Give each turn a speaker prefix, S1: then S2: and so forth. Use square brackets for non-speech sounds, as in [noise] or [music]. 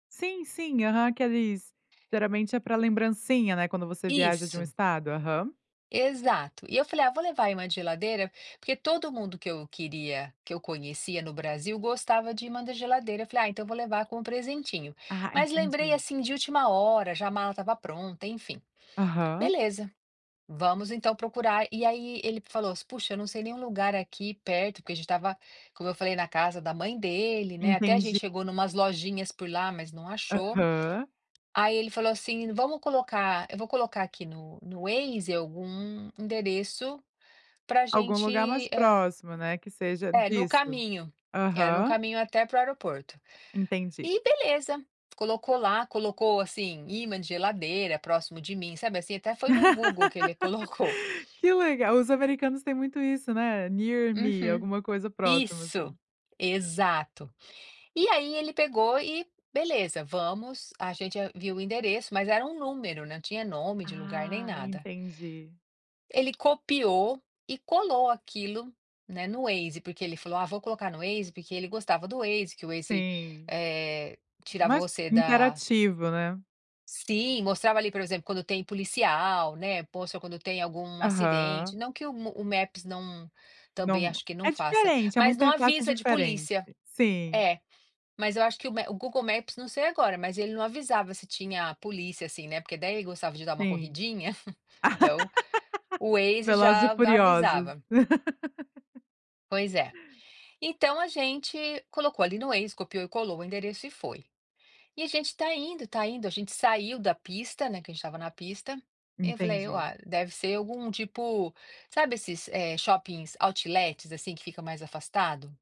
S1: Sim, sim aham, aqueles geralmente é para lembrancinha, né, quando você viaja de um
S2: Isso.
S1: estado, aham.
S2: Exato. E eu falei: "Ah, vou levar aí imã de geladeira", porque todo mundo que eu queria que eu conhecia no Brasil gostava de imã da geladeira, eu falei: "Ah, então vou levar com presentinho".
S1: Ah,
S2: Mas lembrei,
S1: entendi.
S2: assim, de última hora, já a mala estava pronta, enfim.
S1: Aham.
S2: Beleza, vamos então procurar, e aí ele falou: "Puxa, eu não sei nenhum lugar aqui perto", porque a gente estava, como eu falei na casa da mãe dele, né, até a
S1: Entendi.
S2: gente chegou em umas lojinhas por lá mas não achou.
S1: Aham.
S2: Aí ele falou assim: "Vamos colocar eu vou colocar aqui no no Waze algum endereço para
S1: Algum lugar mais
S2: gente, eh".
S1: próximo, né, que seja
S2: É, no
S1: disso.
S2: caminho, era no
S1: Aham.
S2: caminho até para o aeroporto.
S1: Entendi.
S2: E beleza, colocou lá, colocou assim, ímã de geladeira próximo de mim, sabe assim? Até foi no Google que ele colocou.
S1: [laughs] Que legal, os americanos têm muito isso, né. Near me,
S2: Uhum.
S1: alguma coisa próxima assim.
S2: Isso, exato. E aí ele pegou e beleza, vamos, a gente viu o endereço, mas era um número, não tinha nome de lugar nem
S1: Ah,
S2: nada.
S1: entendi.
S2: Aí ele copiou e colou aquilo, né, no Waze, porque ele falou: "Ah, vou colocar no Waze", porque ele gostava do Waze, que o Waze,
S1: Sim,
S2: eh, tirava
S1: mais
S2: você da
S1: interativo, né.
S2: sim, mostrava ali, por exemplo, quando tem policial, né. Poxa, quando tem algum acidente.
S1: Aham.
S2: Não que o o Maps não também
S1: Não,
S2: acho que não
S1: é
S2: faça,
S1: diferente, é uma
S2: mas não
S1: interface
S2: avisa de
S1: diferente,
S2: polícia.
S1: sim.
S2: É, mas eu acho que o ma o Google Maps não sei agora, mas ele não avisava se tinha polícia assim, né, porque daí ele gostava de dar uma
S1: Sim.
S2: corridinha, então, o
S1: [laughs]
S2: Waze
S1: Velozes e
S2: já
S1: furiosos.
S2: avisava.
S1: [laughs]
S2: Pois é. Então a gente colocou ali no Waze, copiou e colou o endereço e foi. E a gente tá indo tá indo, a gente saiu da pista, né, que a gente estava na pista, e eu falei:
S1: Entendi.
S2: "Olha, deve ser algum tipo", sabe esses, eh, shoppings outlets, assim, que fica mais afastado?